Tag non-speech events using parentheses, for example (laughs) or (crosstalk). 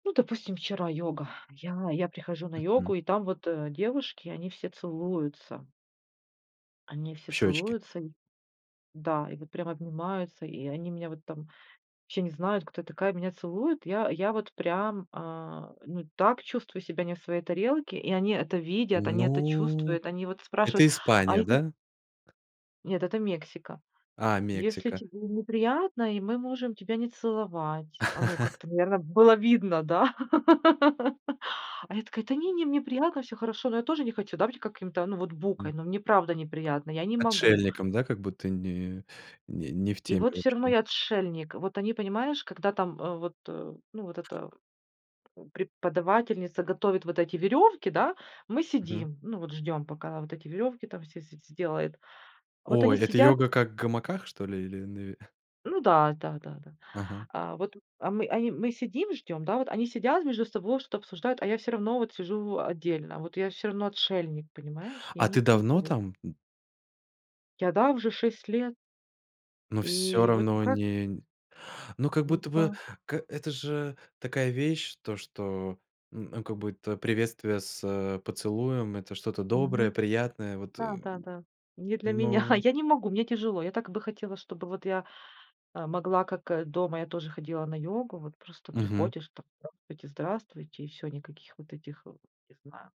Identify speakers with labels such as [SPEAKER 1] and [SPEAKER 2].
[SPEAKER 1] Ну, допустим, вчера йога. Я я прихожу на
[SPEAKER 2] Мгм.
[SPEAKER 1] йогу, и там вот, э, девушки, они все целуются. Они все
[SPEAKER 2] В щёчке.
[SPEAKER 1] целуются, и да, и вот прям обнимаются, и они меня вот там вообще не знают, кто я такая, меня целуют. Я я вот прям, э, ну, так чувствую себя не в своей тарелке, и они это видят, они это
[SPEAKER 2] Ну,
[SPEAKER 1] чувствуют. Они вот
[SPEAKER 2] это
[SPEAKER 1] спрашивают: "А
[SPEAKER 2] Испания,
[SPEAKER 1] если"
[SPEAKER 2] да?
[SPEAKER 1] Нет, это Мексика.
[SPEAKER 2] А,
[SPEAKER 1] Если
[SPEAKER 2] Мексика.
[SPEAKER 1] тебе неприятно, и мы можем тебя не целовать. Оно
[SPEAKER 2] (chuckles)
[SPEAKER 1] как-то, наверно, было видно, да? (laughs) А я такая: "Та не не, мне приятно, всё хорошо". Но я тоже не хочу, да, быть каким-то, ну, вот букой,
[SPEAKER 2] М.
[SPEAKER 1] но мне правда неприятно, я не могу.
[SPEAKER 2] Отшельником, да, как будто не не не в
[SPEAKER 1] И
[SPEAKER 2] теме
[SPEAKER 1] вот всё
[SPEAKER 2] вообще?
[SPEAKER 1] равно я отшельник. Вот они, понимаешь, когда там, э, вот, э, ну, вот эта, э, преподавательница готовит вот эти верёвки, да, мы
[SPEAKER 2] Мгм.
[SPEAKER 1] сидим, ну, вот ждём, пока вот эти верёвки там все все сделает. Вот они
[SPEAKER 2] Ой, это
[SPEAKER 1] сидят
[SPEAKER 2] йога как в гамаках, что ли, или на ве (chuckles)
[SPEAKER 1] Ну да, да-да-да.
[SPEAKER 2] Ага.
[SPEAKER 1] А вот а мы а и мы сидим, ждём, да. Вот они сидят между собой, что-то обсуждают, а я всё равно вот сижу в отдельно, вот я всё равно отшельник, понимаешь? Я
[SPEAKER 2] А
[SPEAKER 1] не
[SPEAKER 2] ты давно
[SPEAKER 1] вписываюсь.
[SPEAKER 2] там? Н
[SPEAKER 1] Я, да, уже 6 лет.
[SPEAKER 2] Ну, всё
[SPEAKER 1] И вот, ну,
[SPEAKER 2] равно
[SPEAKER 1] как?
[SPEAKER 2] не нь Ну, как
[SPEAKER 1] Вот
[SPEAKER 2] будто бы,
[SPEAKER 1] да.
[SPEAKER 2] к это же такая вещь, то, что, н как будто приветствие с поцелуем- это что-то доброе,
[SPEAKER 1] Мгм.
[SPEAKER 2] приятное. Вот,
[SPEAKER 1] Да,
[SPEAKER 2] эм.
[SPEAKER 1] да, да. Не для меня.
[SPEAKER 2] Ноу
[SPEAKER 1] Я не могу, мне тяжело. Я так бы хотела, чтобы вот я, э, могла, как, э, дома я тоже ходила на йогу. Вот просто
[SPEAKER 2] Мгм.
[SPEAKER 1] приходишь, там: "Здравствуйте, здравствуйте"- и всё, никаких вот этих, э, не знаю.